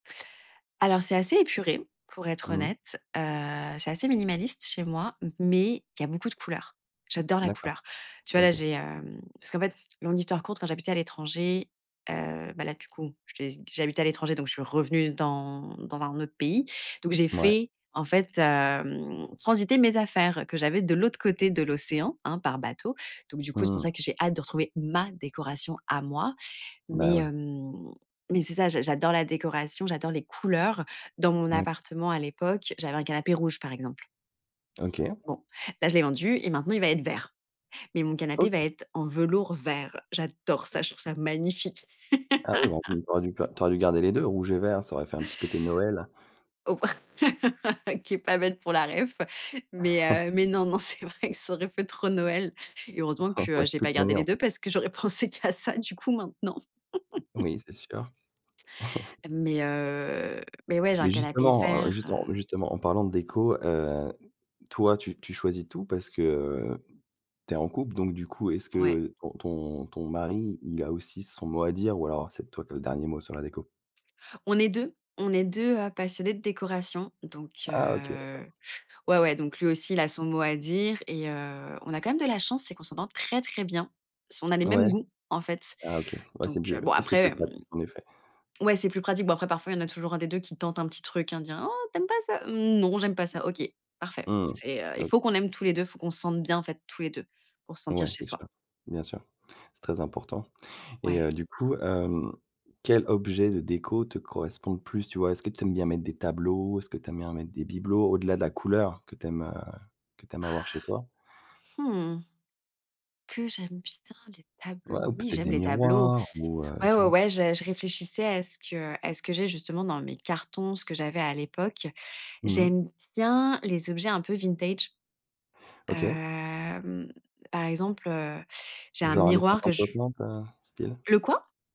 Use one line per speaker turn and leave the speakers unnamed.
Alors c'est assez épuré, pour être
Mmh.
honnête, heu, c'est assez minimaliste chez moi. Mais il y a beaucoup de couleurs, j'adore la
D'accord.
couleur. Tu vois, là
OK.
j'ai hem parce qu'en fait longue histoire courte, quand j'habitais à l'étranger, heu, bah là du coup, je te laisse j'habite à l'étranger, donc je suis revenue dans dans un autre pays. Donc j'ai
Ouais.
fait en fait hem, transiter mes affaires, heu, que j'avais de l'autre côté de l'océan, hein, par bateau. Donc du coup, c'est pour
Mmh.
ça que j'ai hâte de retrouver ma décoration à moi.
Bah
Mais
oui.
hem mais c'est ça, j'a j'adore la décoration, j'adore les couleurs, heu, dans mon
Oui.
appartement à l'époque, j'avais un canapé rouge, par exemple
OK.
bon, là, je l'ai vendu et maintenant, il va être vert. Mais mon canapé va
OK.
être en velours vert. J'adore ça, je trouve ça magnifique.
Ah oui bah, mmh, tu aurais ga tu aurais dû garder les 2, rouge et vert, ça aurait fait un petit côté de Noël.
Oh. OK pas bête pour la réf. Mais heu mais non, non, c'est vrai que ça aurait fait trop Noël, et heureusement
Ah
que
ouais de
j'ai pas
toute
gardé
manière,
les 2
oui.
parce que j'aurais pensé qu'à ça du coup maintenant
Oui c'est sûr.
mais heu mais, ouais, j'ai un
Mais
canapé
justement, heu
vert,
justement
heu
justement en parlant de déco, heu, toi, tu tu choisis tout? Parce que, heu, tu es en couple donc du coup est-ce
Ouais.
que ton ton ton mari il a aussi son mot à dire? Ou alors c'est toi qui as le dernier mot sur la déco?
On est 2, on est 2 heu, passionnés de décoration. Donc
Ah OK
heu,
d'accord.
ouais, ouais, donc lui aussi, il a son mot à dire, et heu, on a quand même de la chance, c'est qu'on s'entend très, très bien. Ce on a les mêmes
Ouais.
goûts, en fait.
Ah OK ouais c'est
Donc
mieux,
bon,
c'est c'est plus
après mmh
pratique en effet.
ouais, c'est plus pratique. Bon, après, parfois, il y en a toujours 1 des 2 qui tente un petit truc: «Hein, dit! Hein, oh, tu aimes pas ça?» «Mmh, non, j'aime pas ça», «OK, parfait».
Mmh.
C'est heu Il faut
OK.
qu'on aime tous les 2 faut qu'on se sente bien, en fait, tous les 2 pour se sentir
Ouais,
chez
c'est
soi.
sûr. Bien sûr. C'est très important et
Ouais.
heu, du coup hem quel objet de déco te correspond le plus, tu vois? Est-ce que tu aimes bien mettre des tableaux? Est-ce que tu aimes bien mettre des bibelots? Au-delà de la couleur que tu aimes, heu que tu aimes
Ah.
avoir chez toi.
Mmh. Que, j'aime bien les
Ouais ou
tableaux? Oui,
peut-être
j'aime
des
les tableaux.
miroirs ou heu,
Ouais,
tu
ouais,
vois?
ouais, je je réfléchissais à ce que à ce que j'ai justement dans mes cartons, ce que j'avais à l'époque.
Mmh.
J'aime bien les objets un peu vintage,
OK.
hem, par exemple, heu, j'ai un
Genre années
miroir que
cinquante,
je
soixante heu, style?
Le quoi?